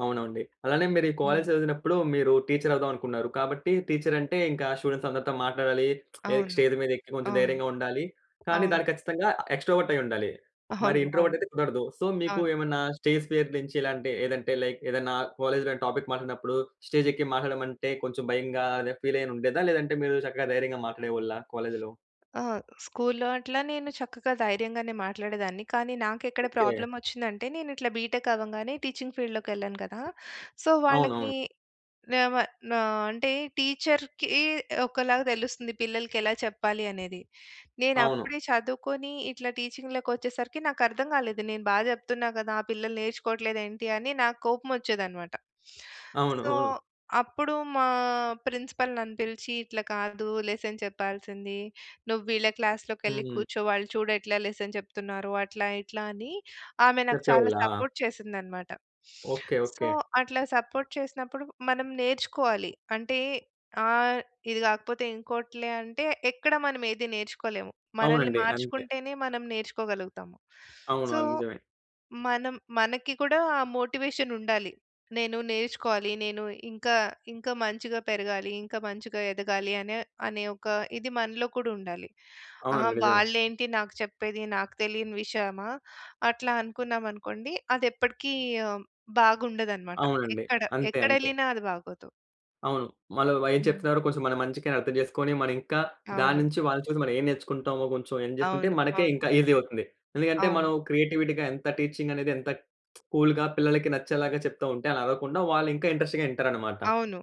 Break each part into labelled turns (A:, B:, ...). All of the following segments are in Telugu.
A: అవునండి. అలానే మీరీ
B: హ్మ్.
A: కాలేజీ చదివినప్పుడు, మీరు టీచరవుదాం అనుకున్నారు, కాబట్టి, టీచరంటే ఇంకా స్టూడెంట్సందరితో మాట్లాడాలీ. ఏక్
B: అవును.
A: స్టేజ్ మీదెక్కి, కొంచెం
B: అవును.
A: ధైర్యంగా ఉండాలి. కానీ,
B: అవును.
A: దాని ఖచ్చితంగా ఎక్స్‌ట్రోవర్టయ్యిండాలి. మరి
B: అవును. అవును.
A: ఇంట్రోవర్టయితే కుదరదు. సో, మీకు
B: అవును.
A: ఏమన్నా స్టేజ్ ఫియర్ నుంచి ఇలాంటి ఏదంటే, లైక్ ఏదన్నా కాలేజీలో ఏమన్నా టాపిక్ మాట్టాడినప్పుడూ, స్టేజెక్కి మాట్లాడమంటే, కొంచెం భయంగా, అదా ఫీలేయనుండేదా? లేదంటే, మీరు చక్కగా ధైర్యంగా మాట్లాడేవాళ్ళ కాలేజులో?
B: ఆ! స్కూల్లో అట్లా నేను చక్కగా ధైర్యంగానే మాట్లాడేదాన్ని, కానీ నాకెక్కడ
A: ఓకే.
B: ప్రాబ్లమోచ్చిందంటే, నేనిట్లా బీ‌టెక్ అవ్వంగానే, టీచింగ్ ఫీల్డ్‌లోకెళ్ళాను కదా! సో, వాళ్ళకీ
A: అవునవును.
B: వేవా నా అంటే, టీచర్‌కీ ఒకలాగా తెలుస్తుంది, పిల్లలకెలా చెప్పాలి అనేది.
A: అవును.
B: నేనప్పుడే చదువుకుని, ఇట్లా టీచింగ్‌లో‌కొచ్చేసరికి, నాకర్థంగాలేదు, నేను బా జెప్తున్నా కదా, ఆ పిల్లలు నేర్చుకోవట్లేదేంటి అని, నాకు కోపం వొచ్చేదన్నమాట.
A: అవును.
B: సో,
A: అవును.
B: అప్పుడు మా ప్రిన్సిపల్ నన్ను పిలిచీ, "ఇట్లా కాదు లెసన్ చెప్పాల్సిందీ. నువ్వీళ్ళ క్లాస్‌లోకెళ్లి
A: హ్మ్.
B: కూర్చో, వాళ్ళు చూడు ఎట్లా లెసన్ చెప్తున్నారో." అట్లా, ఇట్లా, అని ఆమె నాకు చాలా
A: చెప్పేవాళ్ళా?
B: సపోర్ట్ చేసిందనమాట.
A: ఓకే.
B: So,
A: okay.
B: అట్లా సపోర్ట్ చేసినప్పుడు, మనం నేర్చుకోవాలి. అంటే, ఆహ్, ఇది గాకపోతే ఇంకోటిలే అంటే, ఎక్కడా మనమేదీ నేర్చుకోలేము. మనల్ని
A: అవునండి. అంతే.
B: మార్చుకుంటేనే, మనం నేర్చుకోగలుగుతాము.
A: అవును,
B: సో,
A: అది నిజమే.
B: మనం మనకి కూడా ఆ మోటివేషనుండాలి. నేను నేర్చుకోవాలి, నేను ఇంకా ఇంకా మంచిగా పెరగాలి, ఇంకా మంచిగా ఎదగాలి, అనే, అనే ఒక ఇది మనలో కూడుండాలి. అహా!
A: అవునండి. నిజమే.
B: వాళ్ళేం‌టి నాకు చెప్పేది, నాకు తెలియని విషయమా, అట్లా అనుకున్నామనుకోండి, అదెప్పటికీ ఆ! హ్మ్. బాగుండదనమాట.
A: అవునండి.
B: ఎక్కడ
A: అంతే. అంతే.
B: ఎక్కడెళ్ళినా అది బాగోదు.
A: అవును. మళ్ళా వై
B: హ్మ్.
A: చెప్తున్నారో కోసం మన మంచికే అనర్థం చేసుకోని, మరింకా,
B: అవును.
A: దాన్నుంచి వాళ్ళని చూసి, మనం ఏం నేర్చుకుంటామో కొంచెం ఎన్ జేసుకుంటే,
B: అవును.
A: మనకే
B: అవును.
A: ఇంకా ఈజీ అవుతుంది. ఎందుకంటే, మనం
B: అవును.
A: క్రియేటివిటీ‌గా, ఎంత టీచింగనేది ఎంత కూల్‌గా పిల్లలకి నచ్చేలాగా చెప్తా ఉంటే, అలా అవ్వకుండా వాళ్ళిం‌కా ఇంట్రెస్ట్‌గా యింటారనమాట.
B: అవును.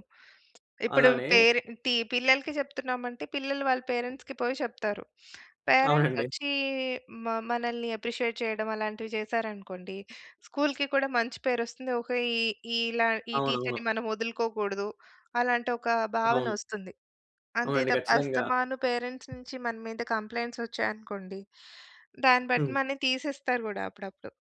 B: ఇప్పుడూ
A: అలానే
B: పేరెంటీ పిల్లలకి చెప్తున్నామంటే, పిల్లలు వాళ్ళ పేరెంట్స్‌కి పోయి చెప్తారు.
A: అవునండి.
B: పేరెంట్సొచ్చీ మ మనల్ని అప్రిషియేట్ చేయడం, అలాంటివి జేశారనుకోండి, స్కూలుకి కూడా మంచి పేరొస్తుంది. ఓకే. ఈ ఈలా ఈ
A: అవునవును.
B: టీచరుని మనం వదులుకోకూడదు, అలాంటొక
A: అవును.
B: భావనొస్తుంది. అంతే
A: అవునండి.
B: తప్ప,
A: ఖచ్చితంగా.
B: అస్తమాను పేరెంట్స్ నుంచి మన మీద కంప్లైంట్సొచ్చాయనుకోండి, దాన్ని బట్టి
A: హ్మ్.
B: మనని తీసేస్తారు గూడా, అప్పుడప్పుడు.